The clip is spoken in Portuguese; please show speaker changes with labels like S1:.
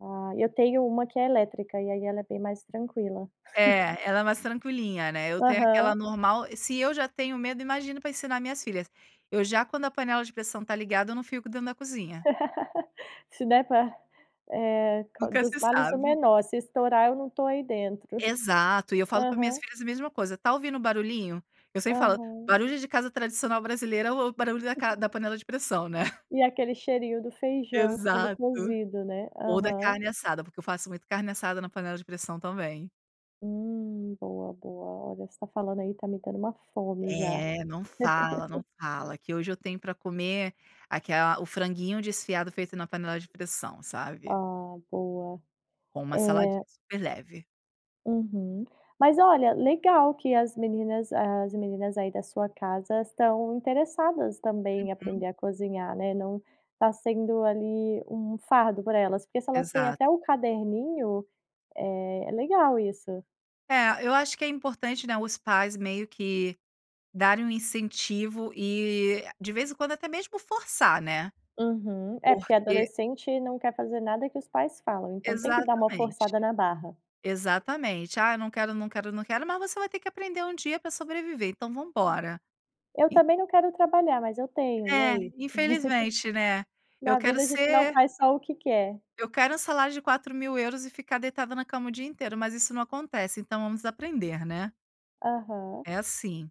S1: Ah, eu tenho uma que é elétrica e aí ela é bem mais tranquila.
S2: É, ela é mais tranquilinha, né, eu tenho aquela
S1: Aham.
S2: normal, se eu já tenho medo, imagino para ensinar minhas filhas. Eu já quando a panela de pressão está ligada, eu não fico dentro da cozinha.
S1: Se der para eh, co
S2: Nunca
S1: "dos
S2: se
S1: males o
S2: sabe.
S1: menor, se estourar eu não estou aí dentro".
S2: Exato, e eu falo para minhas
S1: Aham.
S2: filhas a mesma coisa: "Está ouvindo o barulhinho?". Eu sempre falo:
S1: Aham.
S2: "Barulho de casa tradicional brasileira é o o barulho da ca da panela de pressão, né".
S1: E aquele cheirinho do feijão sendo
S2: Exato.
S1: cozido, né,
S2: Ou da
S1: aham.
S2: carne assada, porque eu faço muito carne assada na panela de pressão também.
S1: Hum. Boa, boa, olha, você está falando aí está me dando uma fome já.
S2: É, não fala, não fala, que hoje eu tenho para comer aquela o franguinho desfiado feito na panela de pressão, sabe.
S1: Ah, boa.
S2: Com uma saladinha
S1: É
S2: super leve.
S1: Uhum. Mas olha, legal que as meninas as meninas aí da sua casa estão interessadas também em
S2: Uhum.
S1: aprender a cozinhar, né, não está sendo, ali, um fardo para elas, porque se elas têm
S2: Exato.
S1: até o caderninho, eh, é legal isso.
S2: É, eu acho que é importante, né, os pais meio que darem um incentivo e de vez em quando até mesmo forçar, né,
S1: Uhum. É, porque
S2: porque
S1: adolescente não quer fazer nada que os pais falam, então tem que dar uma forçada
S2: Exatamente.
S1: na barra.
S2: Exatamente. "Ah, eu não quero, não quero, não quero, mas você vai ter que aprender um dia para sobreviver, então vamos embora".
S1: "Eu
S2: E
S1: também não quero trabalhar, mas eu tenho, e
S2: É,
S1: aí?".
S2: infelizmente, né. Eu
S1: Na
S2: quero
S1: vida a gente não
S2: ser
S1: faz só o que quer.
S2: eu quero um salário de 4000 € e ficar deitada na cama o dia inteiro, mas isso não acontece, então vamos aprender, né.
S1: Aham.
S2: É assim.